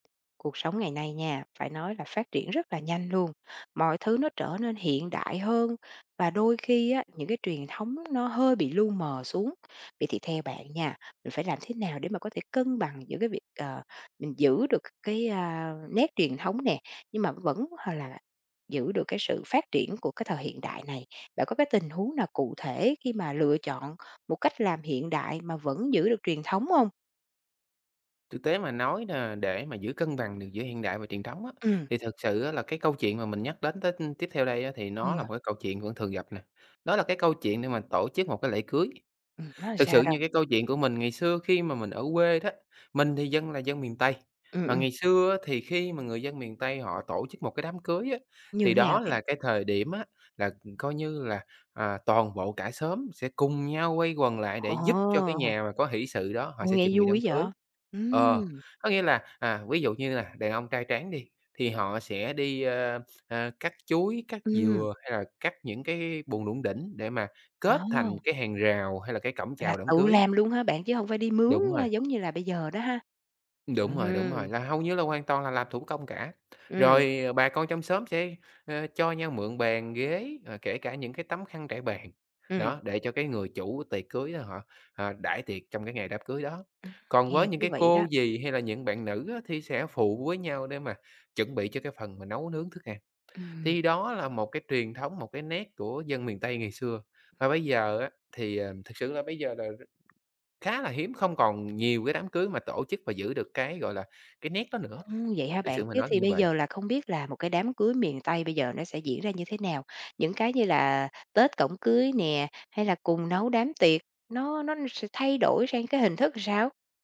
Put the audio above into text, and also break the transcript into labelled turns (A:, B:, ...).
A: Cuộc sống ngày nay nha, phải nói là phát triển rất là nhanh luôn, mọi thứ nó trở nên hiện đại hơn và đôi khi á, những cái truyền thống nó hơi bị lu mờ xuống. Vậy thì theo bạn nha, mình phải làm thế nào để mà có thể cân bằng giữa cái việc, ờ, mình giữ được cái, a, nét truyền thống nè, nhưng mà vẫn h là là giữ được cái sự phát triển của cái thời hiện đại này? Bạn có cái tình huống nào cụ thể khi mà lựa chọn một cách làm hiện đại mà vẫn giữ được truyền thống hông?
B: Thực tế mà nói là để mà giữ cân bằng được giữa hiện đại và truyền thống á,
A: Ừm.
B: thì thực sự á, là cái câu chuyện mà mình nhắc đến tết ưm, tiếp theo đây á, thì nó là
A: Ừ.
B: một cái câu chuyện vẫn thường gặp nè, đó là cái câu chuyện để mà tổ chức một cái lễ cưới.
A: Ừm, nói
B: Thực
A: sao
B: sự
A: đâu?
B: như cái câu chuyện của mình ngày xưa khi mà mình ở quê đó, mình thì dân là dân miền Tây,
A: Ừm,
B: mà
A: ừm.
B: ngày xưa á, thì khi mà người dân miền Tây họ tổ chức 1 cái đám cưới á,
A: Như
B: thì
A: nào
B: đó
A: bạn?
B: là cái thời điểm á, là coi như là, à, toàn bộ cả xóm sẽ cùng nhau quay quần lại để giúp cho cái
A: Ồ!
B: nhà mà có hỉ sự đó họ
A: Ô,
B: sẽ chuẩn
A: nghe
B: bị đám
A: vui
B: cưới.
A: vậy!
B: Ờ,
A: Ừm.
B: có nghĩa là, à, ví dụ như là đàn ông trai tráng đi, thì họ sẽ đi, ơ, ơ, cắt chuối, cắt
A: Ừm.
B: dừa hay là cắt những cái buồng đủng đỉnh để mà kết thành
A: À!
B: cái hàng rào hay là cái cổng
A: Là
B: chào đám
A: tự
B: cưới.
A: làm luôn ha bạn, chứ hông phải đi mướn,
B: Đúng
A: a,
B: rồi.
A: giống như là bây giờ đó ha?
B: Đúng
A: Ừm,
B: rồi, đúng rồi,
A: hưm.
B: là hầu như là hoàn toàn là làm thủ công cả,
A: Ừm.
B: rồi, à, bà con trong xóm sẽ, ơ, cho nhau mượn bàn, ghế, ờ, kể cả những cái tấm khăn trải bàn,
A: Ừm.
B: đó, để cho cái người chủ tiệc cưới á họ, à, đãi tiệc trong cái ngày đám cưới đó.
A: Ừm,
B: Còn với
A: nghe
B: những
A: thú
B: cái
A: vị
B: cô,
A: đó!
B: dì hay là những bạn nữ á, thì sẽ phụ với nhau để mà chuẩn bị cho cái phần mà nấu nướng thức ăn,
A: Ừm.
B: thì đó là một cái truyền thống, một cái nét của dân miền Tây ngày xưa. Và bây giờ á, thì, à, thực sự là bây giờ là khá là hiếm, không còn nhiều cái đám cưới mà tổ chức và giữ được cái, gọi là, cái nét đó nữa,
A: Ưm, vậy hả
B: thiệt
A: bạn?
B: sự mà
A: Thế
B: nói
A: thì
B: như
A: bây
B: vầy.
A: giờ là không biết là một cái đám cưới miền Tây bây giờ nó sẽ diễn ra như thế nào? Những cái như là tết, cổng cưới nè, hay là cùng nấu đám tiệc, nó nó sẽ thay đổi sang cái hình thức làm sao?